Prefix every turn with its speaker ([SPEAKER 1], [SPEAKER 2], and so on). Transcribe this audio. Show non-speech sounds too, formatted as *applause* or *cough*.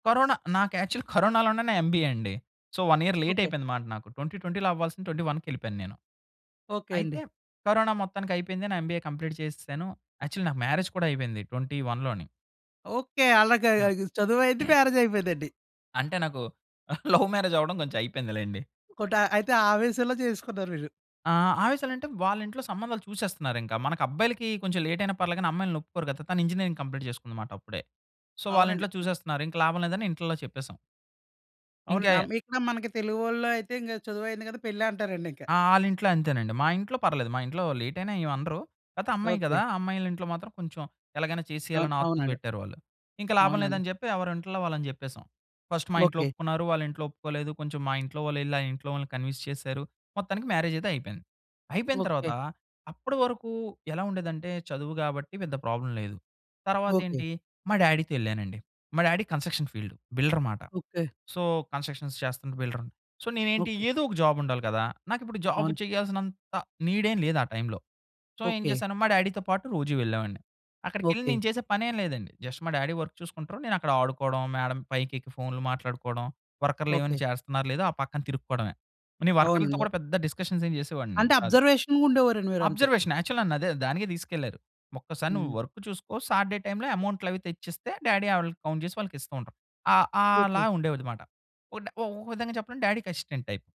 [SPEAKER 1] Corona నాకు actual కరోనాలోనే నా MBA అండి. So, 1 year late
[SPEAKER 2] okay.
[SPEAKER 1] అయిపోయిందన్నమాట. నాకు 2020 అవ్వాల్సింది 2021 కెలిపోయాను నేను.
[SPEAKER 2] ఓకే అండి.
[SPEAKER 1] అయితే కరోనా మొత్తానికైపోయింది. నా ఎంబీఏ కంప్లీట్ చేసేసాను. యాక్చువల్ నాకు మ్యారేజ్ కూడా అయిపోయింది. 2021 లోనే.
[SPEAKER 2] ఓకే. అలాగా
[SPEAKER 1] ఆ!
[SPEAKER 2] ఈ చదువైంది
[SPEAKER 1] *clears throat*
[SPEAKER 2] మ్యారేజ్ అయిపోయిందండి.
[SPEAKER 1] అంటే నాకు *chuckles* లవ్ మ్యారేజ్ అవ్వడం కొంచెం అయిపోయిందిలెండి.
[SPEAKER 2] ఒకటా అయితే ఆవేశంలో చేసుకున్నారు మీరు.
[SPEAKER 1] ఆ! ఆ! ఆవేశాలంటే వాళింట్లో సంబంధాలు చూసేస్తున్నారింకా. మన అబ్బాయిలకి కొంచెం లేట్ అయినా పర్లేదు గాని, అమ్మాయిల్ని ఒప్పుకోరు కదా! తను ఇంజినీరింగ్ కంప్లీట్ చేసుకుందన్నమాట అప్పుడే. సో,
[SPEAKER 2] అవునండి.
[SPEAKER 1] వాళ్ళింట్లో
[SPEAKER 2] ఆ!
[SPEAKER 1] చూసేస్తున్నారు ఇంకా లాభం లేదని ఇంట్లోలో చెప్పేసాం. ఇంకా
[SPEAKER 2] అవునండి. ఆమ్ ఇక్కడ మనకి తెలుగు వాలైతే ఇంకా చదువు అయింది కదా! పెళ్ళి అంటారండి ఇంకా.
[SPEAKER 1] ఆ! ఆళింట్లో అంతేనండి. మా ఇంట్లో పర్వాలేదు. మా ఇంట్లో లేట్ అయినా ఏమనరు. కాపోతే అమ్మాయి కదా!
[SPEAKER 2] ఓకే.
[SPEAKER 1] ఆ అమ్మాయిల ఇంట్లో మాత్రం కొంచెం ఎలాగైనా చేసేయాలి
[SPEAKER 2] అవును.
[SPEAKER 1] ఆతృత
[SPEAKER 2] అవునండి.
[SPEAKER 1] పెట్టారు వాళ్ళు. ఇంకా లాభం
[SPEAKER 2] అవునండి.
[SPEAKER 1] లేదని చెప్పి ఎవరింట్లో వాళ్ళని చెప్పేసాం. ఫస్ట్ మా ఇంట్లో
[SPEAKER 2] ఓకే.
[SPEAKER 1] ఒప్పుకున్నారు, వాళ్ళ ఇంట్లో ఒప్పుకోలేదు కొంచెం మా ఇంట్లో వాళ్ళు ఎళ్లి ఆ ఇంట్లో వాళ్ళని కన్విన్స్ చేసారు. మొత్తానికి మ్యారేజ్ అయితే అయిపోయింది. అయిపోయిన తర్వాత
[SPEAKER 2] ఓకే.
[SPEAKER 1] అప్పటివరకు ఎలా ఉండేదంటే చదువు కాబట్టి పెద్ద ప్రాబ్లమ్ లేదు.
[SPEAKER 2] ఓకే.
[SPEAKER 1] తరువాతేంటి మా డ్యాడీ‌తో ఎళ్ళానండి. మా డ్యాడీ కంస్ట్రక్షన్ ఫీల్డ్ బిల్డర్ అన్నమాట.
[SPEAKER 2] ఓకే.
[SPEAKER 1] సో, కంస్ట్రక్షన్స్ చేస్తున్న బిల్డర్. సో, నేనేంటి
[SPEAKER 2] ఓకే.
[SPEAKER 1] ఏదో ఒక జాబ్ ఉండాలి కదా! నాకిప్పుడు జాబ్
[SPEAKER 2] అవును.
[SPEAKER 1] చేయాల్సినంత నీడ్ ఎం లేదు ఆ టైమ్‌లో. సో, ఏం
[SPEAKER 2] ఓకే.
[SPEAKER 1] చేశాను మా డ్యాడీ‌తో పాటు రోజూ వెళ్ళేవాడిని. అక్కడికెళ్ళి
[SPEAKER 2] ఓకే
[SPEAKER 1] నేను చేసే పనేమి లేదండి. జస్ట్ మా డ్యాడీ వర్క్ చూసుకుంటారు. నేనక్కడ ఆడుకోవడం, మేడం పైకెక్కి ఫోన్‌లు మాట్లాడుకోవడం, వర్కర్‌లు ఏమైనా
[SPEAKER 2] ఓకే
[SPEAKER 1] చేస్తున్నారో లేదో ఆ పక్కన తిరుక్కోవడమే. నేను వర్కర్‌లతో
[SPEAKER 2] అవునండి అవ్
[SPEAKER 1] కూడా పెద్ద డిస్కషన్స్ ఏమి చేసేవాడిని
[SPEAKER 2] అంటే
[SPEAKER 1] కాదు.
[SPEAKER 2] అబ్జర్వేషన్‌గా ఉండేవారండి మీరంతే.
[SPEAKER 1] అబ్జర్వేషన్ యాక్చువల్‌గా అదే దానికే తీసుకెళ్లారు. ఒక్కసారి నువ్వు
[SPEAKER 2] హ్మ్.
[SPEAKER 1] వర్క్ చూసుకో సాటర్డే టైమ్‌లో అమౌంట్‌లు అవి తెచ్చిస్తే డ్యాడీ వాళ్ళకి కౌంట్ చేసి వాళ్ళకి ఇస్తూ ఉంటారు. ఆ! ఆలా
[SPEAKER 2] ఓకే.
[SPEAKER 1] ఉండేవాడన్నమాట. ఒక విధంగా చెప్పడం డ్యాడీకి అసిస్టెంట్ టైప్.